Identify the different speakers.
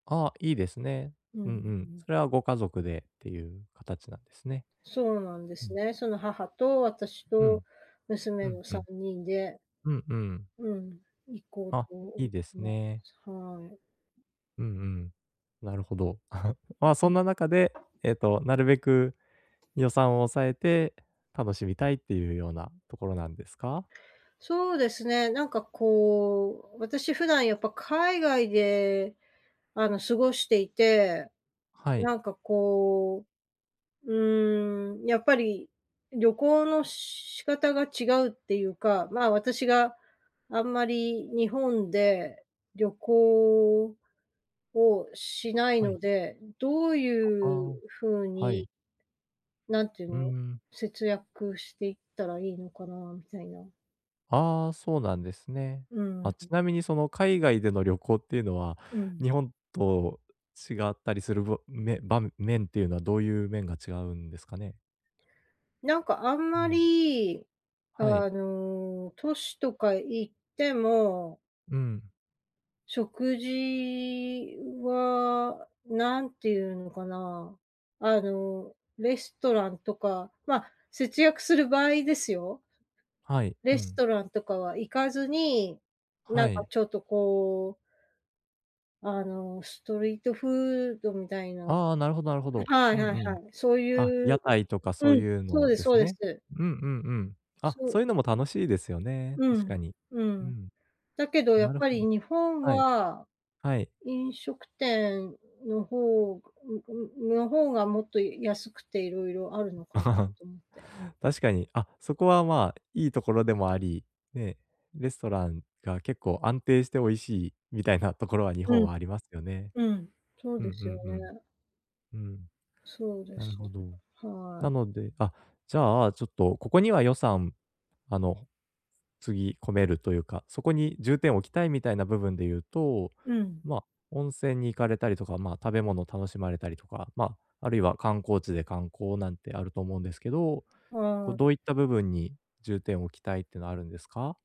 Speaker 1: ああ、いいですね。
Speaker 2: うん、
Speaker 1: うん
Speaker 2: う、
Speaker 1: う
Speaker 2: う
Speaker 1: ん。
Speaker 2: ん。
Speaker 1: それはご家族でっていう形なんですね。
Speaker 2: そうなんで
Speaker 1: う
Speaker 2: す
Speaker 1: ん。
Speaker 2: ね、その母と私
Speaker 1: う
Speaker 2: と
Speaker 1: ん。う
Speaker 2: 娘
Speaker 1: ん
Speaker 2: の
Speaker 1: う
Speaker 2: さ
Speaker 1: ん。
Speaker 2: んにんで
Speaker 1: うんうん。
Speaker 2: うん、行こう
Speaker 1: あ、
Speaker 2: と思っ
Speaker 1: いいです
Speaker 2: てま
Speaker 1: ね。
Speaker 2: す。はい。
Speaker 1: うんうん、なるほど。まあ
Speaker 2: う、う
Speaker 1: そ
Speaker 2: ん。
Speaker 1: んな中で
Speaker 2: 「打-明」
Speaker 1: ええと、なるべく予算を抑えて楽しみたいっていうようなところなんですか？
Speaker 2: そうですね、なんかこう、私普段やっぱ海外で、あの、過ごしていて、
Speaker 1: はい。
Speaker 2: なんかこう、うーん、やっぱり旅行の仕方が違うっていうか、まあ、私があんまり日本で旅行をしない
Speaker 1: は
Speaker 2: の
Speaker 1: い。
Speaker 2: で、どう
Speaker 1: あ、
Speaker 2: い
Speaker 1: あ
Speaker 2: う
Speaker 1: あ。
Speaker 2: 風
Speaker 1: は
Speaker 2: に
Speaker 1: い。
Speaker 2: なんていう
Speaker 1: うー
Speaker 2: の、
Speaker 1: ん。
Speaker 2: 節約していったらいいのかなみたいな。
Speaker 1: ああ、そうなんですね。
Speaker 2: うん。
Speaker 1: あ、ち
Speaker 2: ん。
Speaker 1: なみにその海外での旅行っていうのは、
Speaker 2: うん。
Speaker 1: 日本と違ったりする、ばめ場面っていうのはどういう面が違うんですかね？
Speaker 2: なんかあん
Speaker 1: う
Speaker 2: ま
Speaker 1: ん。
Speaker 2: り、
Speaker 1: はい。
Speaker 2: あの、都市とか行っても
Speaker 1: うん。
Speaker 2: 食事はなんていうのかな、あの、レストランとか、ま、節約する場合ですよ。
Speaker 1: はい、う
Speaker 2: レス
Speaker 1: ん。
Speaker 2: トランとかは行かずに、な
Speaker 1: は
Speaker 2: んか
Speaker 1: い。
Speaker 2: ちょっとこうあの、ストリートフードみたいな
Speaker 1: ああ、なるほどなるほど。
Speaker 2: は
Speaker 1: う
Speaker 2: い
Speaker 1: ん
Speaker 2: はいは
Speaker 1: う
Speaker 2: い、
Speaker 1: ん。
Speaker 2: そう
Speaker 1: あ、
Speaker 2: いう
Speaker 1: 屋台とかそ
Speaker 2: う
Speaker 1: う
Speaker 2: ん、
Speaker 1: いう
Speaker 2: そう
Speaker 1: の
Speaker 2: です
Speaker 1: です
Speaker 2: そうで
Speaker 1: ね。
Speaker 2: す。
Speaker 1: うんうんうん。あ、
Speaker 2: そ
Speaker 1: そ
Speaker 2: う。
Speaker 1: ういうのも楽しいですよね、
Speaker 2: う
Speaker 1: 確
Speaker 2: ん、
Speaker 1: かに。
Speaker 2: う
Speaker 1: う
Speaker 2: ん。
Speaker 1: ん。
Speaker 2: だけどや
Speaker 1: な
Speaker 2: っ
Speaker 1: る
Speaker 2: ぱ
Speaker 1: ほど。
Speaker 2: り日本
Speaker 1: はい。
Speaker 2: は、
Speaker 1: はい。
Speaker 2: 飲食店の方んんの方がもっと安くて色々あるのかな と思って。
Speaker 1: 確かに、あ、そこはまあいいところでもあり、ね、レストランが結構安定して美味しいみたいなところは日
Speaker 2: う
Speaker 1: 本
Speaker 2: ん。
Speaker 1: はありますよね。
Speaker 2: うん、そう
Speaker 1: うん
Speaker 2: で
Speaker 1: う
Speaker 2: すよ
Speaker 1: ん
Speaker 2: ね。
Speaker 1: うん。うん。
Speaker 2: そうで
Speaker 1: なる
Speaker 2: す
Speaker 1: ほ
Speaker 2: よね、
Speaker 1: ど。
Speaker 2: は
Speaker 1: な
Speaker 2: い。
Speaker 1: のであ、じゃあ、ちょっとここには予算、あの、注ぎ込めるというか、そこに重点を置きたいみたいな部分で言うと、
Speaker 2: うん。
Speaker 1: ま温泉に行かれたりとか、まあ食べ物を楽しまれたりとか、まあ、あるいは観光地で観光なんてあると思うんですけど、こ
Speaker 2: は
Speaker 1: うど
Speaker 2: い。
Speaker 1: ういった部分に重点を置きたいっていうのはあるんですか？